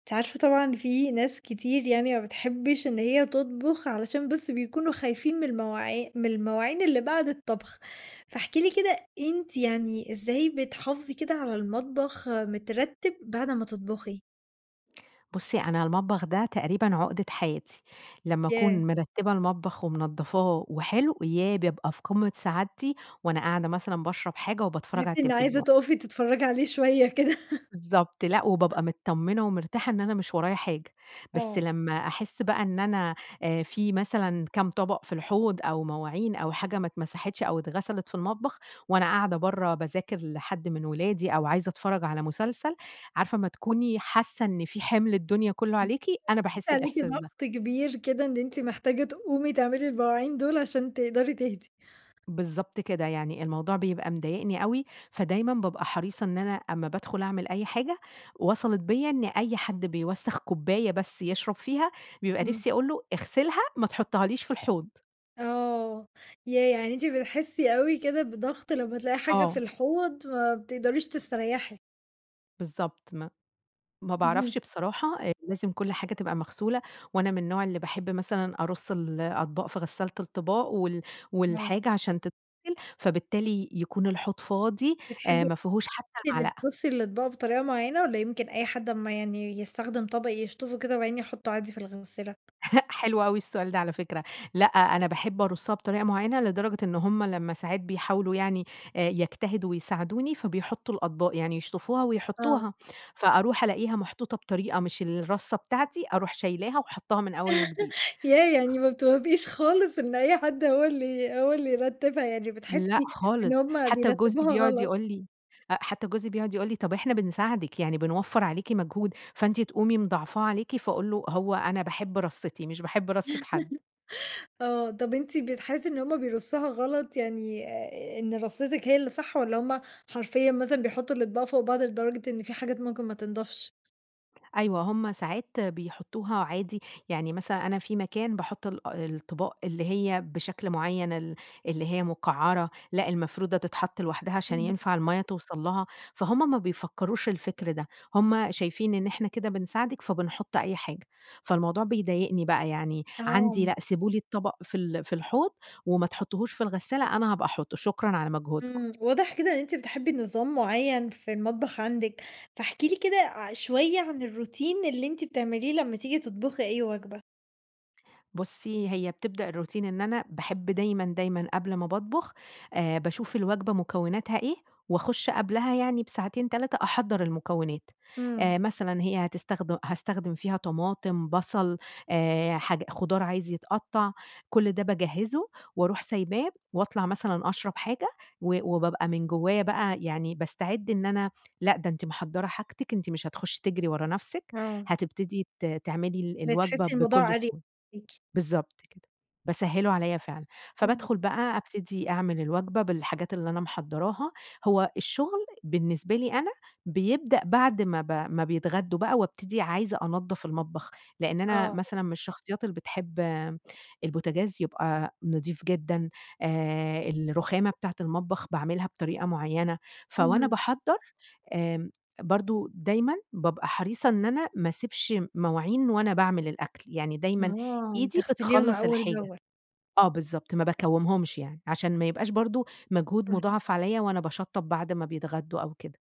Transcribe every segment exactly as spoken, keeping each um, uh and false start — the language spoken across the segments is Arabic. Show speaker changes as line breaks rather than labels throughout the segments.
أنتِ عارفة طبعًا إن في ناس كتير يعني ما بتحبِّش إن هي تطبخ، علشان بس بيكونوا خايفين من المواعي من المواعين اللي بعد الطبخ، فاحكِ لي كده، أنتِ يعني إزاي بتحافظي كده على المطبخ مترتِّب بعد أمّا تطبخي.
بُصّي، أنا المطبخ ده تقريبًا عُقدة حياتي لمّا
ياه!
أكون مرتّبة المطبخ، ومنضّفاه وحلو ياه! بابقى في قمة سعادتي، وأنا قاعدة مثلًا باشرب حاجة وباتفرّج
تحسي
على
إن عايزة
التلفزيون.
تقفي تتفرّجي عليه شوية كده.
بالضبط، لأ وبابقى متطمّنة ومرتاحة إن أنا مش ورايا حاجة، بس
آه.
لمّا أحسّ بقى إن أنا آآ في مثلًا كام طبق في الحوض، أو مواعين أو حاجة ما اتمسحتش، أو اتغسلت في المطبخ، وأنا قاعدة برّه، باذاكر لحد من ولادي أو عايزة أتفرّج على مسلسل، عارفة أمّا تكوني حاسّة إن في حِمل الدنيا كله عليكِ؟ أنا
[unintelligible]
باحسّ
عليكِ
الإحساس ده.
ضغط كبير كده، إن أنتِ محتاجة تقومي تعملي المواعين دول، عشان تقدَري تهدِي.
بالضبط كده، يعني الموضوع بيبقى مضايقني أوي، فدايمًا بابقى حريصة إن أنا أمّا بادخُل أعمل أي حاجة، وصَلِت بيّا إن أي حد بيوسَّخ كوباية بس يشرب فيها، بيبقى
إمم.
نِفسي أقول له: "اغسلها. ما تحطهاليش في الحوض.".
آه. ياه! يعني أنتِ بتحسّي أوي كده بضغط لمّا تلاقي حاجة في
آه.
الحوض ما بتقدريش تستريّحي؟
بالضبط ما ما
اهم.
باعرفش بصراحة أ لازم كل حاجة تبقى مغسولة وأنا من النوع اللي باحب مثلًا أرُص الأطباق في غسّالة الطِباق وال
آه.
والحاجة عشان تتغِسل، فبالتالي يكون الحوض فاضي آآ
بتحبّي
ما فيهوش حتّى
أنتِ اللي
معلقة.
ترُصّي الأطباق بطريقة معيّنة والّا يمكن أي حد أمّا يعني يستخدم طَبَق يشطّفه كده, وبعدين يحُطُّه عادي في الغسّالة؟
هأ حلو أوي السؤال ده على فكرة. لأ، أنا باحب أرُصّها بطريقة معيّنة، لدرجة إن هم لمّا ساعات بيحاولوا يعني آآ يجتهدوا ويساعدوني، فبيحُطُّوا الأطباق، يعني يشطّفوها
آه.
ويحطّوها. فأروح ألاقيها محطوطة بطريقة مش الرّصّة بتاعتي، أروح شايلاها وحاطّاها من أول وجديد.
ياه! يعني ما بتوافقيش خالص إن أي حد هو اللي هو اللي يرتِّبها. يعني
لأ
بتحسّي إن
خالص.
هم
حتّى جوزي
بيرتّبوها
بيقعد
غلط.
يقول لي أ حتّى جوزي بيقعد يقول لي: "طيب إحنا بنساعدِك، يعني بنوفّر عليكِ مجهود، فأنتِ تقومي مضاعفاه عليكِ."، فأقول له: "هو أنا باحب رصِّتي مش باحب رصّة حد."
آه. طب أنتِ بتحسّي إن هم بيرصّوها غلط يعني أ إن رصِّتك هي اللي صح والّا هم حرفيًا مثلًا بيحطّوا الأطباق فوق بعض لدرجة إن في حاجات ممكن ما تنضفش؟
أيوه، هم ساعات بيحطوها عادي، يعني مثلًا أنا في مكان باحط الا الأطباق اللي هي بشكل معيّن، ال اللي هي مقعّرة، لأ، المفرودة تتحط لوحدها عشان
إمم.
ينفع المَيّة توصَل لها، فهُم ما بيفكروش الفكر ده، هم شايفين إن إحنا كده بنساعدِك فبنحط أي حاجة، فالموضوع بيضايقني بقى، يعني عندي
آه.
لأ، سيبوا لي الطبق في ال في الحوض، وما تحطوهوش في الغسالة أنا هابقى أحطه، شكرًا على مجهودكم.
إمم، واضح كده إن أنتِ بتحبّي نظام معيّن في المطبخ عندِك، فاحكي لي كده ع شوية عن الروتين اللي أنتِ بتعمليه لمّا تيجي تطبخي أي وجبة؟
بُصّي، هي بتبدأ الروتين إن أنا باحب دايمًا، دايمًا قبل ما باطبخ آآ، باشوف الوجبة مكوناتها إيه، وأخشّ قبلها يعني بساعتين تلاتة أحضّر المكونات.
إمم.
آآ، مثلًا هي هتستخدم هاستخدم فيها طماطم بصل آآ، حاج خضار عايز يتقطّع، كل ده باجهّزُه وأرُوح سايباه، وأطلع مثلًا أشرب حاجة، و وبابقى من جوايا بقى يعني باستعِدّ إن أنا، "لأ، ده أنتِ محضّرة حاجتِك، أنتِ مش هتخشّي تجري ورا نفسِك،
آه.
هتبتدي ت تعملي ال الوجبة
بتحسي
بكل
الموضوع أريَح
سهولة."
ليكِ.
بالضبط كده، باسهِّلُه عليَّ فعلًا،
إمم.
فبادخل بقى أبتدي أعمِل الوجبة بالحاجات اللي أنا محضّراها، هو الشغل بالنسبة لي أنا بيبدأ بعد ما ب ما بيتغدّوا بقى، وابتدي عايزة أنضّف المطبخ، لإن أنا
آه.
مثلًا من الشخصيات اللي بتحب البوتاجاز يبقى نظيف جدًا آآ، الرُخامة بتاعة المطبخ باعملها بطريقة معيّنة، ف وأنا
اهم.
باحضّر، آمم، برضه دايمًا بابقى حريصة إن أنا ما اسيبش مواعين وأنا باعمِل الأكل، يعني دايمًا
آه،
إيدي
بتغسليهم
بتخلّص
أول
الحاجة.
بأول.
آه بالضبط، ما باكومهُمش يعني، عشان ما يبقاش برضه مجهود
اهم.
مضاعف عليَّ وأنا باشطّب بعد ما بيتغدّوا أو كده.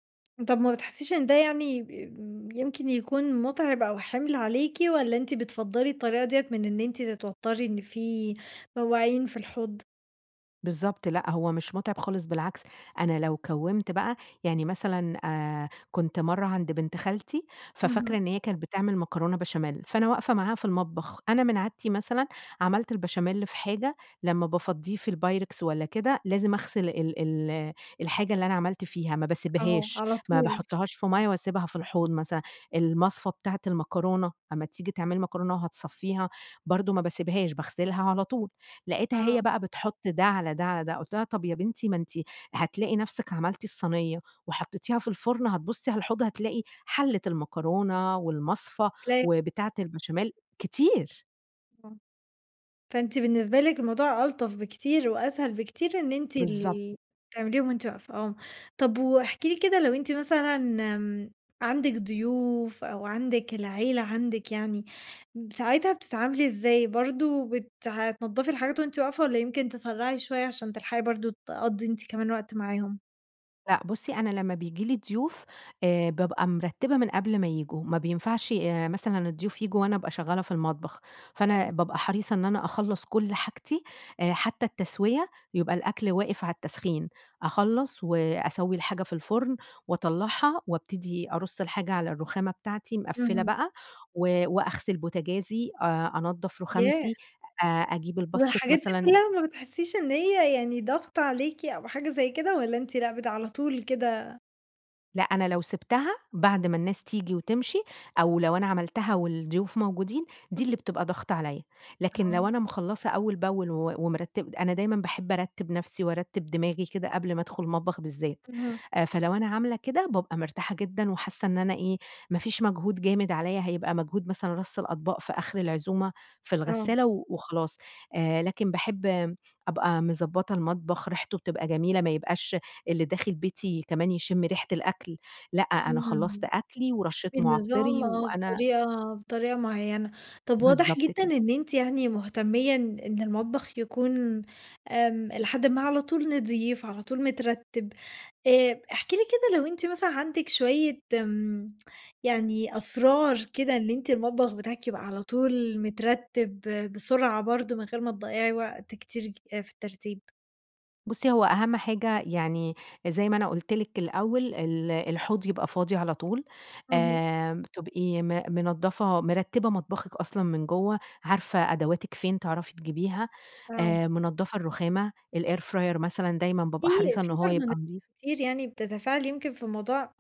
طب ما بتحسيش إن ده يعني ب يمكن يكون مُتعب أو حِمل عليكِ؟ والَّا أنتِ بتفَضّلي الطريقة ديَّة من إن أنتِ تتوتّري إن في مواعين في الحوض؟
بالضبط، لأ هو مش متعب خالص بالعكس، أنا لو كوّمت بقى يعني مثلًا آآ، كنت مرّة عند بنت خالتي، ففاكرة
اهم.
إن هي كانت بتعمل مكرونة بشاميل، فأنا واقفة معاها في المطبخ، أنا من عادتي مثلًا عملت البشاميل في حاجة لمّا بافضّيه في البايركس والَّا كده، لازم أغسل ال ال الحاجة اللي أنا عملت فيها، ما
آه،
باسيبهاش،
على
ما
طول.
باحطهاش في مَيّة وأسيبها في الحوض مثلًا، المصفى بتاعة المكرونة، أمّا تيجي تعملي مكرونة وهتصفّيها برضه ما باسيبهاش، باغسلها على طول، لقيتها هي
آه.
بقى بتحط ده على ده على ده قلت لها طَب يا بنتي ما أنتِ هتلاقي نفسِك عملتي الصينية، وحطيتيها في الفرن، هتبُصّي على الحوض هتلاقي حلّة المكرونة
أ
والمصفى
تلاقي
و بتاعة البشاميل، كتير.
آه، فأنت بالنسبة لِك الموضوع ألطف بكتير وأسهل بكتير، إن أنتِ
بالضبط.
ال تعمليهم وأنتِ واقفة، آه، طَب واحكِ لي كده لو أنتِ مثلًا امم، عَندك ضيوف أو عَندك العيلة، عَندِك يعني ساعتها بتتعاملي إزاي؟ برضه بت ح تنضّفي الحاجات وأنتِ واقفة والّا يمكن تسَرّعي شوية عشان تلحقي برضه تقَضّي أنتِ كمان وقت معاهم؟
لأ بُصّي، أنا لمّا بييجي لي ضيوف، آآ بابقى مرتِّبة من قبل ما ييجوا. ما بينفعش آآ مثلًا الضيوف ييجوا وأنا أبقى شغّالة في المطبخ. فأنا
آه.
بابقى حريصة إن أنا أخلّص كل حاجتي آآ حتّى التسويّة، يبقى الأكل واقف على التسخين. أخلّص وأسوّي الحاجة في الفُرن، وأطلّعها وأبتدي أرُص الحاجة على الرخامة بتاعتي مقفّلة
اهم.
بقى، و وأغسِل بوتاجازي، أ أنضّف
ياه!
رُخامتي، أ أجيب الباسكِت
والحاجات دي
مثلًا
كُلّها ما بتحسّيش إن هي يعني ضَغْط عليكِ أو حاجة زي كده والّا أنتِ لأ بتـع على طول كده
لأ، أنا لو سِبتها بعد ما الناس تيجي وتمشي، أو لو أنا عملتها والضيوف موجودين، دي
اهم.
اللي بتبقى ضغط عليّا. لكن
آه.
لو أنا مخلّصة أول بأول و ومرتِّب أنا دايمًا باحِب أرتِّب نفسي، وأرتِّب دماغي كده قبل ما أدخُل المطبخ بالذات.
أها.
آآ فلو أنا عاملة كده، بابقى مرتاحة جدًا وحاسّة إن أنا إيه، ما فيش مجهود جامد عليّا، هيبقى مجهود مثلًا رَص الأطباق في آخر العزومة في
آه.
الغسّالة و وخلاص. آآ لكن باحِب م أبقى مضبّطة المطبخ، ريحته بتبقى جميلة ما يبقاش اللي داخل بيتي كمان يشِم ريحة الأكل لأ، أنا خلّصت
إمم.
أكلي ورشّيت
[unintelligible] بالنظام
مُعطِّري
آه.
وأنا
بطريقة بطريقة معيّنة. طب واضح
بالضبط
جدًا
كده.
إن أنتِ يعني مُهتميّة إن إن المطبخ يكون آمم إلى حدٍ ما على طول نظيف، على طول مترتّب. آآ احكِ لي كده لو أنتِ مثلًا عندِك شويّة م يعني أسرار كده إن أنتِ المطبخ بتاعِك يبقى على طول مترتِّب بسرعة برضه من غير ما تضيّعي وقت كتير ج آآ في الترتيب؟
بُصي، هو أهم حاجة يعني زي ما أنا قُلت لِك الأول، ال الحوض يبقى فاضي على طول،
اهم.
آآ تبقي م منضّفة مرتّبة مطبخِك أصلًا من جُوَّه، عارفة أدواتِك فين تعرفي تجيبيها،
آه.
آآ منضّفة الرُّخامة، الإير فراير مثلًا دايمًا
فيه
بابقى حريصة إن
فيه
هو
برضه ناس
يبقى نضيف.
كتير يعني بتتفاعل يمكن في الموضوع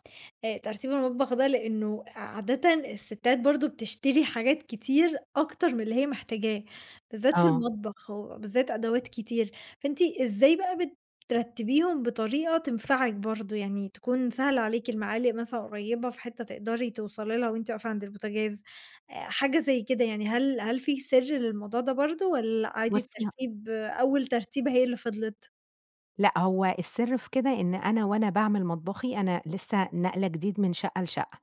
آآ ترتيب المطبخ ده، لإنه عادةً السِّتات برضه بتشتري حاجات كتير، أكتر من اللي هي محتاجاه، بالذات في
آه.
المطبخ، وبالذات أدوات كتير، فأنتِ إزاي بقى بترتّبيهم بطريقة تنفعِك برضه؟ يعني تكون سهلة عليكِ، المعالق مثلًا قريبة في حِتّة تقدري توصلي لها وأنتِ واقفة عند البوتاجاز، آآ حاجة زي كده يعني، هل هل فيه سِرّ للموضوع ده برضه، والّا عادي
بُصي ه
الترتيب، أول ترتيبة هي اللي فضِلت؟
لأ، هو السر في كده إن أنا وأنا باعمِل مطبخي، أنا لسه ناقلة جديد من شَقّة لشَقّة،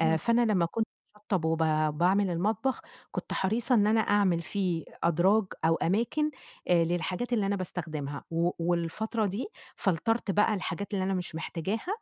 آآ فأنا لمّا كنت باشطَّب وب باعمل المطبخ، كنت حريصة إن أنا أعمل فيه أدراج أو أماكن آآ للحاجات اللي أنا باستخدِمها، و والفترة دي فلترت بقى الحاجات اللي أنا مش محتاجاها،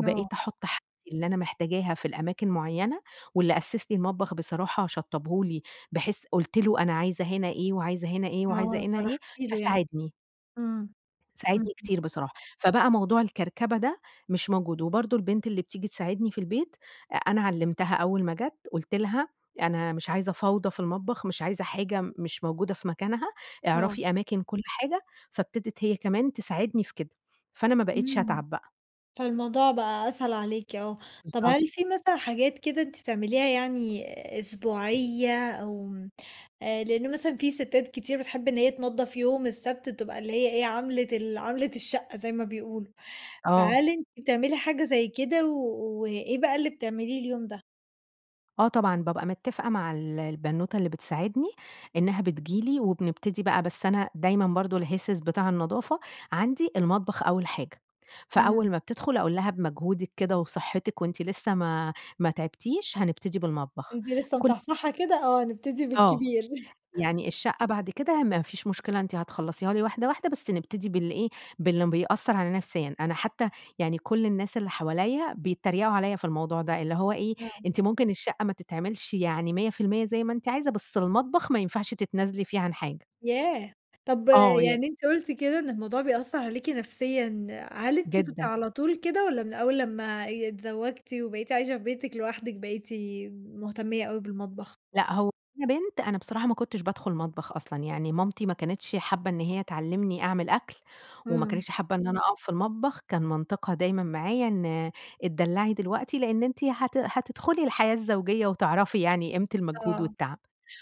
آه.
أحُطّ حاجتي اللي أنا محتاجاها في الأماكن مُعيّنة، واللي أسِّس لي المطبخ بصراحة شطّبه لي، بحيث قُلت له أنا عايزة هنا إيه، وعايزة هنا إيه، وعايزة
آه،
هنا إيه،
فرُحتِ له يعني.
فساعدني.
امم،
ساعدني
اهم.
كتير بصراحة، فبقى موضوع الكركبة ده مش موجود، وبرضه البنت اللي بتيجي تساعدني في البيت، أ أنا علّمتها أول ما جات، قُلت لها أنا مش عايزة فوضى في المطبخ، مش عايزة حاجة مش موجودة في مكانها،
آه.
اعرفي أماكن كُلّ حاجة، فابتدت هي كمان تساعدني في كده، فأنا ما بقيتش
امم.
أتعب بقى.
فالموضوع بقى أسهل عليكِ، آه، طب
بالضبط.
هل فيه مثلًا حاجات كده أنتِ بتعمليها يعني أسبوعية، أو م آآ لإن مثلًا فيه ستات كتير بتحب إن هي تنضف يوم السَّبْت، بتبقى اللي هي إيه عَمْلة ال عَمْلة الشّقّة زي ما بيقولوا،
آه.
فهل أنتِ بتعملي حاجة زي كده؟ و وإيه بقى اللي بتعمليه اليوم ده؟
آه، طبعًا بابقى متفقة مع ال البنوتة اللي بتساعدني إنها بتيجي لي وبنبتدي بقى، بس أنا دايمًا برضه الهسهس بتاع النضافة عندي المطبخ أول حاجة،
إمم.
فأول ما بتدخل أقول لها بمجهودِك كده وصحتِك وأنتِ لسه ما ما تعبتيش، هنبتدي بالمطبخ
وأنتِ لسه
كُلّ
مصحصحة كده آه نبتدي
آه،
بالكبير.
يعني الشقة بعد كده ما فيش مشكلة أنتِ هتخلّصيها لي واحدة، واحدة بس نبتدي بال إيه باللي بيأثر عليَّ نفسيًا، أنا حتى يعني كُلّ الناس اللي حواليَّ بيتريقوا عليَّ في الموضوع ده، اللي هو إيه
آه.
أنتِ ممكن الشقة ما تتعملش يعني مِيَّة في المِيَّة زي ما أنتِ عايزة، بس المطبخ ما ينفعش تتنازلي فيه عن حاجة.
ياه! طب
آه ي
يعني أنتِ قُلتِ كده إن الموضوع بيأثّر عليكِ نفسيًا، هل أنتِ كنتِ
جدًا.
على طول كده، والَّا من أول لمّا آآ اتزوجتِ وبَقيتِ عايشة في بيتِك لوحدِك بقيتِ مهتمية أوي بالمطبخ؟
لأ، هو وأنا بنت أنا بصراحة ما كنتش بادخل مطبخ أصلًا، يعني مامتي ما كانتش حابّة إن هي تعلِّمني أعمل أكل، وما
إمم.
كانتش حابة إن أنا أقَف في المطبخ، كان منطقها دايمًا معايا إن اتدلّعي دلوقتي، لأن أنتِ هت هتدخلي الحياة الزوجية وتعرفي يعني قيمة المجهود
آه.
والتعب،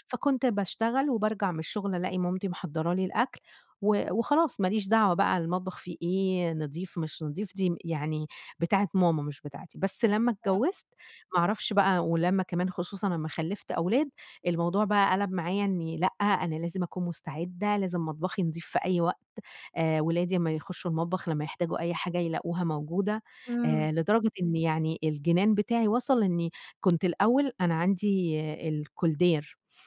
فكنت باشتغل وبارجع من الشغل ألاقي مامتي محضّرة لي الأكل و وخلاص ماليش دعوة بقى المطبخ فيه إيه، نضيف مش نضيف دي يعني بتاعة ماما مش بتاعتي، بس لمّا
آه.
اتجوّزت ما أعرفش بقى ولمّا كمان خصوصًا أمّا خلّفت أولاد، الموضوع بقى قَلَب معايا إني لأ أنا لازم أكون مستعدة، لازم مطبخي نضيف في أي وقت آآ، ولادي أما يخشوا المطبخ لمّا يحتاجوا أي حاجة يلاقوها موجودة،
إمم.
آآ، لدرجة إن يعني الجنان بتاعي وصل إني كنت الأول أنا عندي koldair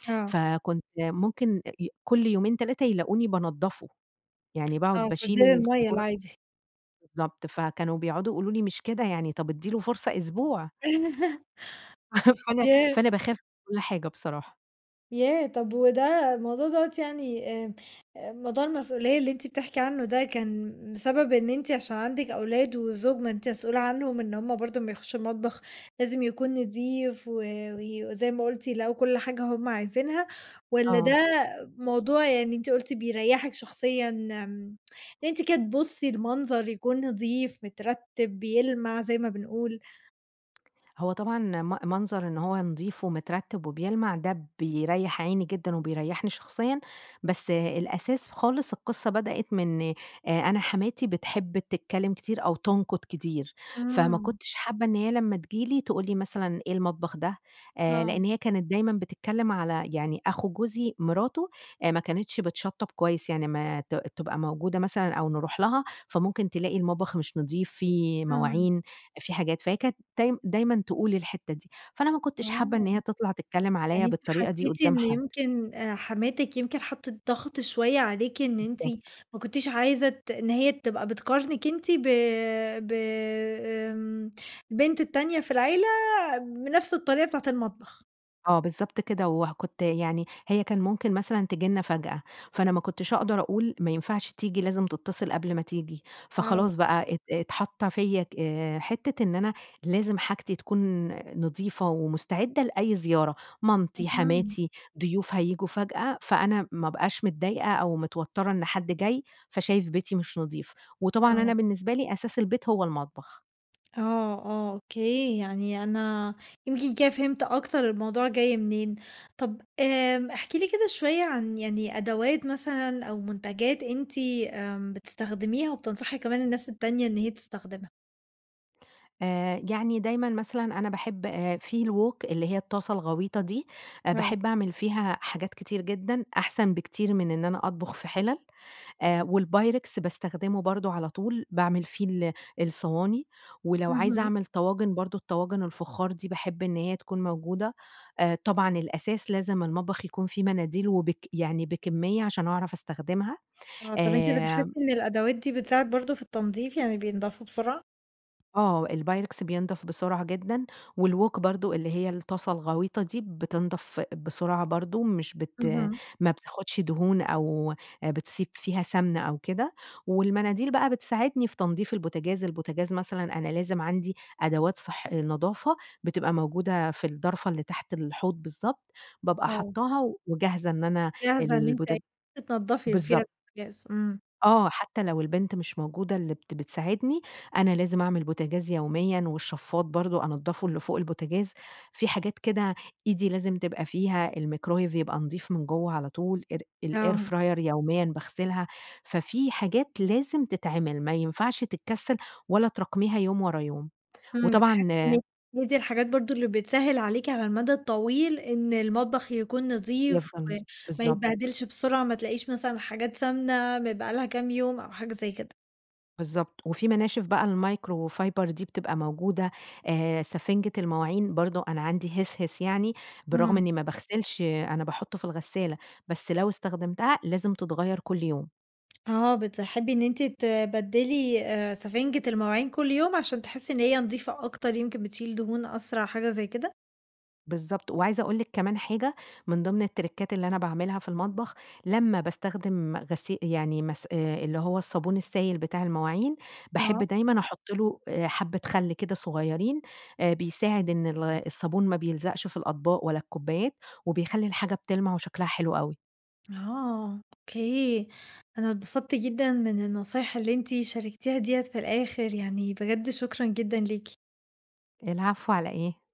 آه.
فكنت ممكن أ كل يومين، تلاتة يلاقوني بانضّفه، يعني
آه،
باقعد باشيل
koldair المَيّة
القارورة
العادي.
بالضبط، فكانوا بيقعدوا يقولوا لي مش كده يعني، طَب ادي له فرصة أسبوع. فأنا
ياه!
فأنا باخاف من كُلّ حاجة بصراحة.
ياه! طَب وده، الموضوع دَوّة يعني آمم، موضوع المسؤولية اللي أنتِ بتحكي عنه ده كان بسبب إن أنتِ عشان عَندِك أولاد وزوج؟ ما أنتِ مسؤولة عنهم إن هُم برضه أمّا يخشّوا المطبخ لازم يكون نضيف و وزي ما قُلتِ، يلاقوا كل حاجة هُم عايزينها والّا ده
آه.
موضوع، يعني أنتِ قُلتِ بيريّحِك شخصيًا آمم، إن أنتِ كده تبُصّي المنظر يكُون نضِيف، مترتِّب، بيلمَع زي ما بنقول.
هو طبعًا م منظر إن هو نضيف ومترتِّب وبيلمَع ده بيريّح عيني جدًا وبيريّحني شخصيًا، بس الأساس خالص، القصة بدأت من آآ أنا حماتي بتحب تتكلّم كتير أو تنقُد كتير، فما
إمم.
كنتش حابّة إن هي لمّا تيجي لي تقول لي مثلًا: "إيه، المطبخ ده؟" آآ،
آه.
لأن هي كانت دايمًا بتتكلّم على، يعني أخو جوزي، مراته أ ما كانتش بتشطّب كويس، يعني ما ت تبقى موجودة مثلًا أو نرُوح لها فممكن تلاقي المطبخ مش نضيف، في
إمم.
مواعين، في حاجات، فهي كانت تاي دايمًا تقول الحتّه دي، فأنا ما كنتش حابة
آه.
إن هي تطلَع تتكلّم عليَّ
يعني أنتِ
بالطريقة دي
حسّيتِ
قُدّام
إن
حد.
يمكن أ حماتِك يمكن حطِّت ضغْط شوية عليكِ إن أنتِ
بالضبط.
ما كنتيش عايزة ت إن هي تبقى بتقارنِك أنتِ ب ب آمم البنت التانية في العيلة بنفْس الطريقة بتاعة المطبخ.
آه، بالضبط كده، وه كنت يعني هي كان ممكن مثلًا تيجي لنا فجأة، فأنا ما كنتش أقدر أقول ما ينفعش تيجي لازم تتصل قبل ما تيجي،
آه.
فخلاص بَقى ات اتحط فيَّ ك حتة إن أنا لازم حاجتي تكون نضيفة ومستعدة لأي زيارة، مامتي،
اهم.
حماتي، ضيوف هييجوا فجأة، فأنا ما أبقاش متضايقة أو متوترة إن حد جاي، فشايف بيتي مش نظيف. وطبعًا أنا
آه.
بالنسبة لي أساس البيت هو المطبخ.
آه، آه، أوكي يعني أنا يمكن كده فهمت أكتر الموضوع جاي منين. طَب آمم احكي لي كده شوية عن يعني أدوات مثلًا أو منتجات أنتِ آمم، بتستخدميها وبتنصحي كمان الناس التانية إن هي تستخدمها.
آآ، يعني دايمًا مثلًا أنا باحب في الووك اللي هي الطاسة الغويطة دي،
آه.
باحب أعمل فيها حاجات كتير جدًا، أحسن بكتير من إن أنا أطبخ في حِلَل، آآ، والبايركس باستخدمه برضه على طول، باعمل فيه ال الصواني، ولو عايزة
اهم.
أعمل طواجن برضه الطواجن الفخار دي باحب إن هي تكون موجودة. آآ طبعًا الأساس لازم المطبخ يكون فيه مناديل وبك يعني بكمية عشان أعرف أستخدمها.
آه، طَب أنت بتحسي
آآ
إن الأدوات دي بتساعد برضه في التنضيف يعني بينضفوا بسرعة؟
آه، البايركس بينضَف بسرعة جدًا، والووك برضه اللي هي الطاسة الغويطة دي، بِتِنضَف بسرعة برضه، مش بت
اهم.
ما بتاخدش دهون أو بتسيب فيها سمنة أو كده، والمناديل بقى بتساعدني في تنضيف البوتجاز، البوتجاز مثلًا أنا لازم عندي أدوات صح نضافة بتبقى موجودة في الدرفة اللي تحت الحوض بالضبط، بابقى
آه.
حاطاها وجاهزة إن أنا
جاهزة إن أنتِ
البوت
[unintelligible] تنضّفي فيها
بالضبط.
البوتجاز، إمم.
آه، حتى لو البنت مش موجودة اللي بت بتساعدني، أنا لازم أعمل البوتجاز يوميًا، والشفاط برضه أنضّفه اللي فوق البوتجاز، في حاجات كده إيدي لازم تبقى فيها، الميكرويف يبقى نظيف من جوّه على طول، إر الair
آه.
fryer يوميًا باغسلها. ففي حاجات لازم تتعمل، ما ينفعش تتكسّل، ولا تراكميها يوم ورا يوم،
إمم بتحسي
وطبعًا
[unintelligible] إن
آآ
هي دي الحاجات برضه اللي بتسهّل عليكِ على المدى الطويل، إن المطبخ يكون نظيف
يفضل نظيف،
وما
بالضبط.
يتبهدلش بسرعة، ما تلاقيش مثلًا حاجات سمنة م بقى لها كام يوم أو حاجة زي كده.
بالضبط، وفي مناشف بقى المايكروفايبر دي بتبقى موجودة آآ، سفنجة المواعين برضه، أنا عندي هِسهِس يعني برغم
إمم.
إني ما باغسلش، أنا باحطه في الغسالة، بس لو استخدمتها لازم تتغيّر كل يوم.
آه، بتحبي إن أنتِ تبدّلي آآ، سفنجة المواعين كل يوم، عشان تحسي إن هي نضيفة أكتر يمكن بتشيل دهون أسرع، حاجة زي كده؟
بالضبط، وعايزة أقول لِك كمان حاجة من ضمن التريكات اللي أنا باعملها في المطبخ، لمّا باستخدم غسي يعني مس اللي هو الصابون السايل بتاع المواعين، باحب
آه.
دايمًا أحط له حبة خلّ كده صغيرين، آآ بيساعد إن ال الصابون ما بيلزقش في الأطباق ولا الكوبايات، وبيخلّي الحاجة بتلمع، وشكلها حلو أوي.
اها، أوكي، أنا اتبسطت جدًا من النصايح اللي أنتِ شاركتيها ديَّة في الآخر، يعني بجد شكرًا جدًا ليكِ.
العفو، على إيه.